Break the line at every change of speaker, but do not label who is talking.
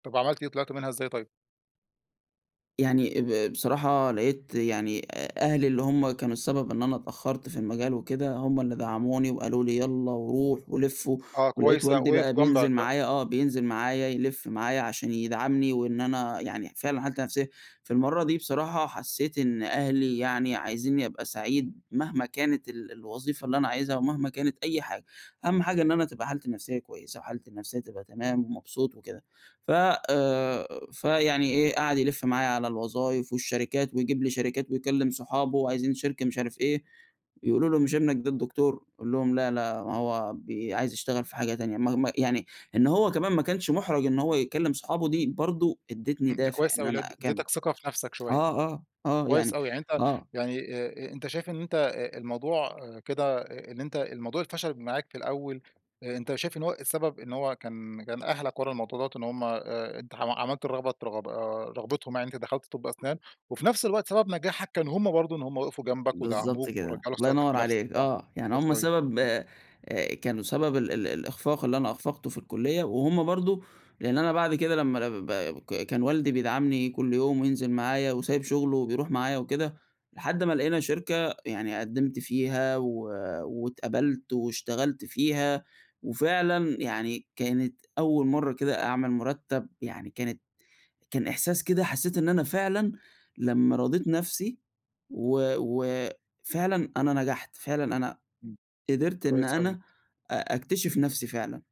طب عملت إيه، طلعت منها إزاي طيب؟
يعني اآ ب بصراحة لقيت يعني أ أهلي اللي هم كانوا السبب إن أنا اتأخرّت في المجال وكده، هم اللي دعموني وقالوا لي يلّا، وروح، ولِف، و
آه
ولقيت
كويس، لأ
والدي
وقف
بقى
جنبك
بينزل
بقي.
معايا آه، بينزل معايا يلف معايا عشان يدعمني، وإن أنا يعني فعلًا حتي نفسيًا. في المرة دي بصراحة حسّيت إن أهلي يعني عايزنني أبقى سعيد مهما كانت ال الوظيفة اللي أنا عايزها، ومهما كانت أي حاجة. أهم حاجة إن أنا تبقى حالتي النفسية كويسة، وحالتي النفسية تبقى تمام، ومبسوط وكده. ف آآ فيعني إيه، قعد يلف معايا على الوظايف، والشركات. ويجيب لي شركات، ويكلم صحابه، وعايزين شركة مش عارف إيه. يقولوا له: "مش إبنك ده الدكتور؟" يقول لهم: "لأ، لأ، ما هو بي عايز يشتغل في حاجة تانية." ما ما يعني إن هو كمان ما كانش مُحرَج إن هو يكلّم صحابه، دي برضه ادّيتني
إمم. دي
دافع
كويس أوي
إن
اللي هو اد
أنا أكمّل.
اديتك ثقة في نفسك شوية.
آه، آه. آه،
كويس
يعني
أوي، يعني أنت
آه.
يعني آآ أ أنت شايف إن أنت آآ الموضوع كده إن أنت الموضوع الفشل معاك في الأول، أنت شايف إن هو السبب إن هو كان كان أهلك ورا الموضوع دوّة، إن هم آآ أنت حم عملت الرغبة ت رغب آآ رغبتهم يعني، إن أنت دخلت طب أسنان، وفي نفس الوقت سبب نجاحك كان هم برضه، إن هم وقفوا جنبك،
بالضبط
ودعموك،
كده،
ورجعوا لك
الله
ثقتك
ينور
في نفسك
عليك
صح.
آه. يعني
ده
هم
صحيح.
سبب
آه.
آآ آآ كانوا سبب ال ال الإخفاق اللي أنا أخفقته في الكلية، وهم برضه لإن أنا بعد كده لما أنا بابقى ب كان والدي بيدعمني كل يوم، وينزل معايا، وسايب شُغله، وبيروح معايا وكده، لحد ما لقينا شركة يعني قدّمت فيها، و واتقبلت، واشتغلت فيها. وفعلًا يعني كانت أول مرة كده أعمل مرتب يعني كانت كان إحساس كده
إمم.
حسّيت إن أنا فعلًا لما رَضيت نفسي، و وفعلًا أنا نجحت، فعلًا أنا
إمم.
قدرت إن
كويس
أنا
أوي.
أ أكتشف نفسي فعلًا.